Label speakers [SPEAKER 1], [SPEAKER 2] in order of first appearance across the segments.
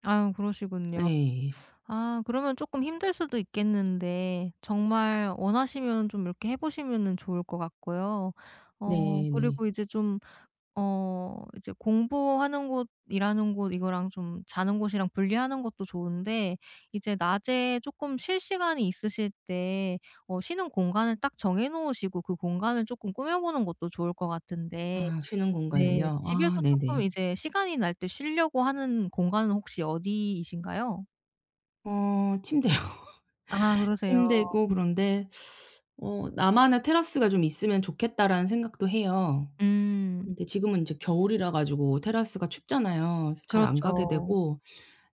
[SPEAKER 1] 아 그러시군요.
[SPEAKER 2] 예.
[SPEAKER 1] 아 그러면 쪼끔 힘들 수도 있겠는데 정말 원하시면 좀 이렇게 해 보시면은 좋을 것 같고요. 어
[SPEAKER 2] 네 네.
[SPEAKER 1] 그리고 이제 좀 어 이제 공부하는 곳 일하는 곳 이거랑 좀 자는 곳이랑 분리하는 것도 좋은데 이제 낮에 쪼끔 쉴 시간이 있으실 때 어 쉬는 공간을 딱 정해 놓으시고 그 공간을 쪼끔 꾸며보는 것도 좋을 것 같은데.
[SPEAKER 2] 아 쉬는
[SPEAKER 1] 네.
[SPEAKER 2] 공간을요?
[SPEAKER 1] 집에서
[SPEAKER 2] 아
[SPEAKER 1] 쪼끔
[SPEAKER 2] 네네.
[SPEAKER 1] 이제 시간이 날 때 쉬려고 하는 공간은 혹시 어디이신가요?
[SPEAKER 2] 어 침대요.
[SPEAKER 1] 아 그러세요.
[SPEAKER 2] 침대고 그런데 어 '나만의 테라스가 좀 있으면 좋겠다.'라는 생각도 해요.
[SPEAKER 1] 음.
[SPEAKER 2] 근데 지금은 이제 겨울이라 가지고 테라스가 춥잖아요. 그래서 잘 안 가게
[SPEAKER 1] 그렇죠.
[SPEAKER 2] 되고.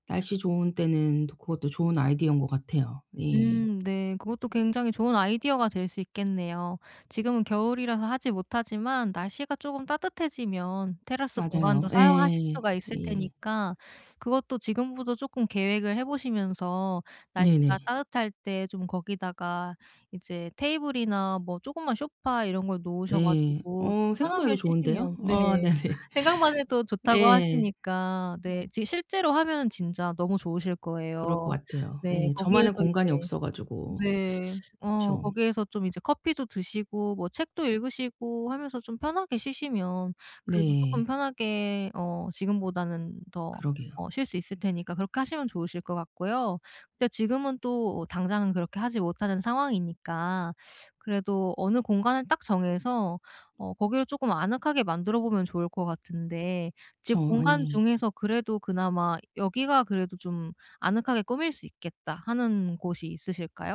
[SPEAKER 2] 날씨 좋은 때는 또 그것도 좋은 아이디어인 것 같아요. 예.
[SPEAKER 1] 음 네. 그것도 굉장히 좋은 아이디어가 될 수 있겠네요. 지금은 겨울이라서 하지 못하지만 날씨가 쪼금 따뜻해지면 테라스
[SPEAKER 2] 맞아요.
[SPEAKER 1] 공간도 사용하실
[SPEAKER 2] 예.
[SPEAKER 1] 수가 있을
[SPEAKER 2] 예.
[SPEAKER 1] 테니까 그것도 지금부터 쪼끔 계획을 해보시면서 날씨가
[SPEAKER 2] 네네.
[SPEAKER 1] 따뜻할 때 좀 거기다가 이제 테이블이나 뭐 쪼그만 소파 이런 걸 놓으셔
[SPEAKER 2] 네.
[SPEAKER 1] 가지고 좀
[SPEAKER 2] 어 생각만 해도
[SPEAKER 1] 편하게
[SPEAKER 2] 좋은데요.
[SPEAKER 1] 쉬시면 네.
[SPEAKER 2] 아 네네.
[SPEAKER 1] 생각만 해도 좋다고
[SPEAKER 2] 예.
[SPEAKER 1] 하시니까
[SPEAKER 2] 으.
[SPEAKER 1] 네 지금 실제로 하면 진짜 너무 좋으실
[SPEAKER 2] 그럴 것
[SPEAKER 1] 거예요.
[SPEAKER 2] 같아요.
[SPEAKER 1] 네.
[SPEAKER 2] 예. 저만의
[SPEAKER 1] 거기에서
[SPEAKER 2] 공간이
[SPEAKER 1] 이제
[SPEAKER 2] 없어 가지고.
[SPEAKER 1] 네 어
[SPEAKER 2] 그쵸.
[SPEAKER 1] 거기에서 좀 이제 커피도 드시고 뭐 책도 읽으시고 하면서 좀 편하게 쉬시면 그래도 쪼끔
[SPEAKER 2] 네.
[SPEAKER 1] 편하게 어 지금보다는 더
[SPEAKER 2] 그러게요.
[SPEAKER 1] 어 쉴 수 있을 테니까 그렇게 하시면 좋으실 것 같고요. 근데 지금은 또 당장은 그렇게 하지 못하는 상황이니까 그래도 어느 공간을 딱 정해서 어 거기를 쪼끔 아늑하게 만들어 보면 좋을 것 같은데 집
[SPEAKER 2] 그렇죠.
[SPEAKER 1] 공간
[SPEAKER 2] 예.
[SPEAKER 1] 중에서 그래도 그나마 '여기가 그래도 좀 아늑하게 꾸밀 수 있겠다.' 하는 곳이 있으실까요?